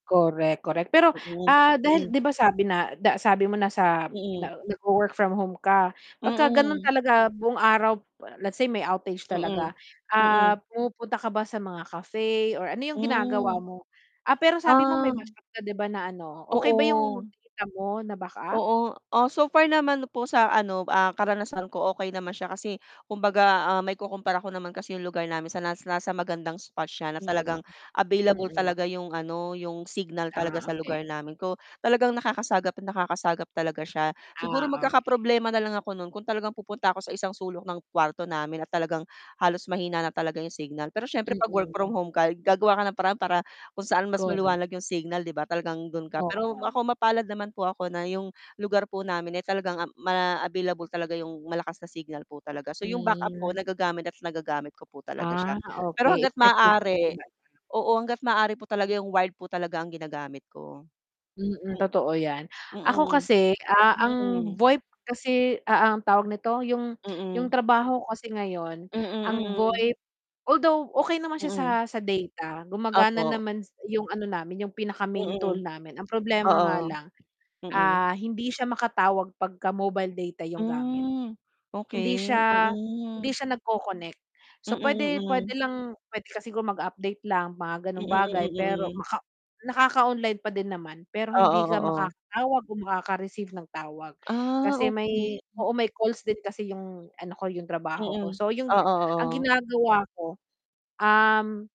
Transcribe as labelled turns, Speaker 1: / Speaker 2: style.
Speaker 1: Korek, korek. Pero,
Speaker 2: Mm,
Speaker 1: ah, dahil
Speaker 2: mm.
Speaker 1: 'di ba sabi na da sabi mo nasa
Speaker 2: Mm.
Speaker 1: na nagwo-work from home ka, pagkaganun
Speaker 2: Mm.
Speaker 1: talaga buong araw let's say may outage
Speaker 2: Mm,
Speaker 1: talaga.
Speaker 2: mm.
Speaker 1: Ah, pumupunta ka ba sa mga cafe or ano yung ginagawa
Speaker 2: Hmm.
Speaker 1: mo? Ah, pero sabi mo
Speaker 2: Ah.
Speaker 1: may backup ka 'di ba na ano, okey ba yung
Speaker 2: Oo.
Speaker 1: data mo na backup?
Speaker 2: Oo. O, so far naman po sa ano, ah, karanasan ko okey naman siya kasi kumbaga, ah, maikukumpara ko naman kasi yung lugar namin sa nasa nasa magandang spot siya na
Speaker 1: Mm.
Speaker 2: talagang available
Speaker 1: Mm.
Speaker 2: talaga yung ano, yung signal talaga
Speaker 1: Ah,
Speaker 2: sa lugar
Speaker 1: okey.
Speaker 2: namin ko talagang nakakasagap nakakasagap talaga siya. Siguro
Speaker 1: Ah, okey.
Speaker 2: magkakaproblema na lang ako no'n kung talagang pupunta ako sa isang sulok ng kuwarto namin at talagang halos mahina na talaga yung signal, pero siyempre 'pag work from
Speaker 1: Mm.
Speaker 2: home ka, gagawa ka ng paraan para kung saan mas
Speaker 1: Korek.
Speaker 2: maliwanag yung signal 'di ba, talagang do'n ka pero ako
Speaker 1: Oo.
Speaker 2: mapalad naman po ako na yung lugar po namin ay talagang, um, ma available talaga yung malakas na signal po talaga, so yung backup ko
Speaker 1: Hmm.
Speaker 2: nagagamit at nagagamit ko po talaga siya,
Speaker 1: Ah,
Speaker 2: pero
Speaker 1: okey,
Speaker 2: hangga't
Speaker 1: effective pala si
Speaker 2: maaari,
Speaker 1: data.
Speaker 2: oo, hangga't maaari po talaga yung wired po talaga ang ginagamit ko.
Speaker 1: Mm.
Speaker 2: Hmm.
Speaker 1: Totoo 'yan. Ako
Speaker 2: Mm,
Speaker 1: kasi, ah, ang
Speaker 2: mm.
Speaker 1: VoIP kasi a ang tawag nito, yung yung
Speaker 2: Mm.
Speaker 1: trabaho ko kasi ngayon ang
Speaker 2: Mm, mm.
Speaker 1: VoIP although okey naman siya sa
Speaker 2: Mm.
Speaker 1: sa data, gumagana
Speaker 2: Opo.
Speaker 1: naman s yung ano namin, yung pinaka-main tool
Speaker 2: Mm.
Speaker 1: namin. Ang problema nga
Speaker 2: Oo,
Speaker 1: lang,
Speaker 2: mm.
Speaker 1: ah, hindi siya makatawag pagka-mobile data yung gamit.
Speaker 2: Hmm,
Speaker 1: Hindi
Speaker 2: okey.
Speaker 1: siya hindi
Speaker 2: Mm.
Speaker 1: siya nagko-connect.
Speaker 2: Mm,
Speaker 1: So, puwede pwede
Speaker 2: mm.
Speaker 1: lang pwede ka sigurong mag-update lang mga
Speaker 2: Mm,
Speaker 1: gano'ng bagay,
Speaker 2: mm,
Speaker 1: pero
Speaker 2: mm.
Speaker 1: maka nakaka-online pa din naman. Pero
Speaker 2: Oo,
Speaker 1: hindi ka
Speaker 2: oo.
Speaker 1: makakatawag o makaka-receive ng tawag
Speaker 2: Ah,
Speaker 1: kasi
Speaker 2: okey.
Speaker 1: may oo, may calls din kasi yung ano ko, yung trabaho ko.
Speaker 2: Mm.
Speaker 1: So, yung
Speaker 2: Oo,
Speaker 1: gi ang
Speaker 2: oo.
Speaker 1: ginagawa ko, um